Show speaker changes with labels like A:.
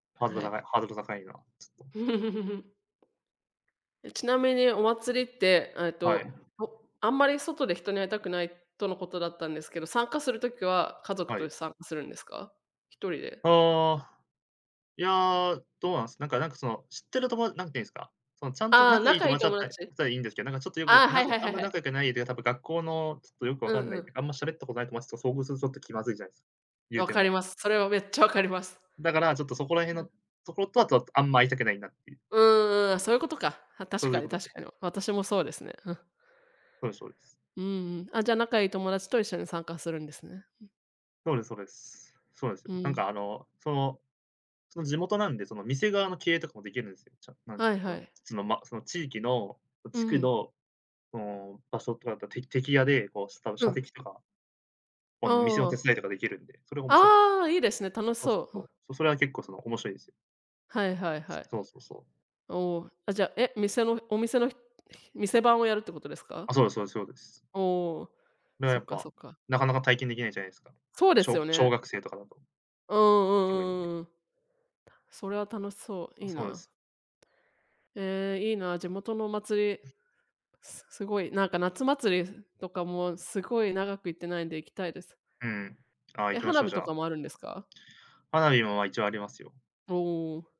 A: ハードル
B: は
A: が高い
B: い。
A: ハードル高いな、ちょっと。
B: え、ちなみにお祭りって、あえ
A: はい。
B: と、ほあんまり外で人に会いたくないとのことだったんですけど、参加する時は家族
A: は
B: と
A: い。
B: 参加するんですか？ひとりで？
A: ああ。いや、どうなんすなんかなんかその、知ってるともなんていうんですか、そのちゃんと
B: ああ、
A: 仲いい
B: 仲良
A: 友
B: い
A: 達だっ
B: 友
A: たり、
B: 達。
A: したらいいんですけど、なんちょっとよ
B: あ
A: く、
B: あ、は
A: な
B: い
A: ぜ
B: はい
A: あ
B: は
A: ん
B: い
A: ま
B: は
A: 仲良
B: い。
A: くない、てか多分学校の、ちょっとよくわ
B: う
A: かんな
B: んう
A: い、
B: ん。
A: あんま喋ったことない友達と遭遇する、ちょっと気まずいじゃないですか。言う
B: わ
A: て
B: かり
A: も。
B: ます。それはめっちゃ分かります。
A: だから、ちょっとそこら辺
B: う
A: の、
B: ん。
A: とことはととあんま会いたくないなっていう。
B: うんうん、あ、そういうことか。あ、確
A: そうい
B: か
A: う
B: に
A: ことです
B: 確
A: ね。
B: かに。私もそうですね、うん。
A: そうですそうです。
B: うんうん、あ、じゃあ、仲いい友達と一緒に参加するんですね。ふ。
A: そうですそうです。そうなんすよ。
B: う
A: なんか
B: ん。
A: あの、その、その地元なんで、その店側の経営とかもできるんすよ。ちゃなん
B: は
A: て、
B: い
A: そ
B: は
A: の、
B: い。
A: そのま、その地域の、そ
B: う
A: 地区
B: ん。
A: の、その場所とかってあって、て的屋で、こうした、
B: う
A: 射
B: ん。
A: 的とか？ほ
B: あ
A: んの店の手
B: あ。
A: 伝いとかできるんで、それも面白かっ
B: ああ！良いですね、楽し
A: そうそう
B: そう。うん。
A: そう。それは結構その、面白いですよ。
B: はいはいは
A: す、
B: い。
A: そうそうそう。
B: おお、あ、じゃあ、え、店の、お店の、ひひ店番をやるってことですか？
A: あ、そうですそうですそうです。
B: おお、
A: まあ、や
B: そ
A: っ
B: っか
A: ぱ、
B: そっか。
A: なかなか体験できないじゃないですか。
B: そうで
A: し
B: す
A: ょう
B: よ
A: 小
B: ね。
A: 学生とかだと。
B: うんうん
A: 特に
B: う
A: ね。
B: んうんうん。たそれは楽しそう、
A: あ、
B: 良い
A: そうなんで
B: な。
A: す。
B: ええ、いいな。地元のお祭り。すすごいなんか夏祭りすとかもすごい長く行ってないんで行きたいです。
A: うん。ああ、行
B: え、
A: きまし
B: 花
A: ょう、
B: 火
A: じゃ
B: と
A: あ。
B: かもあるんですか？
A: 花火もま、一応ありますよ。
B: おお。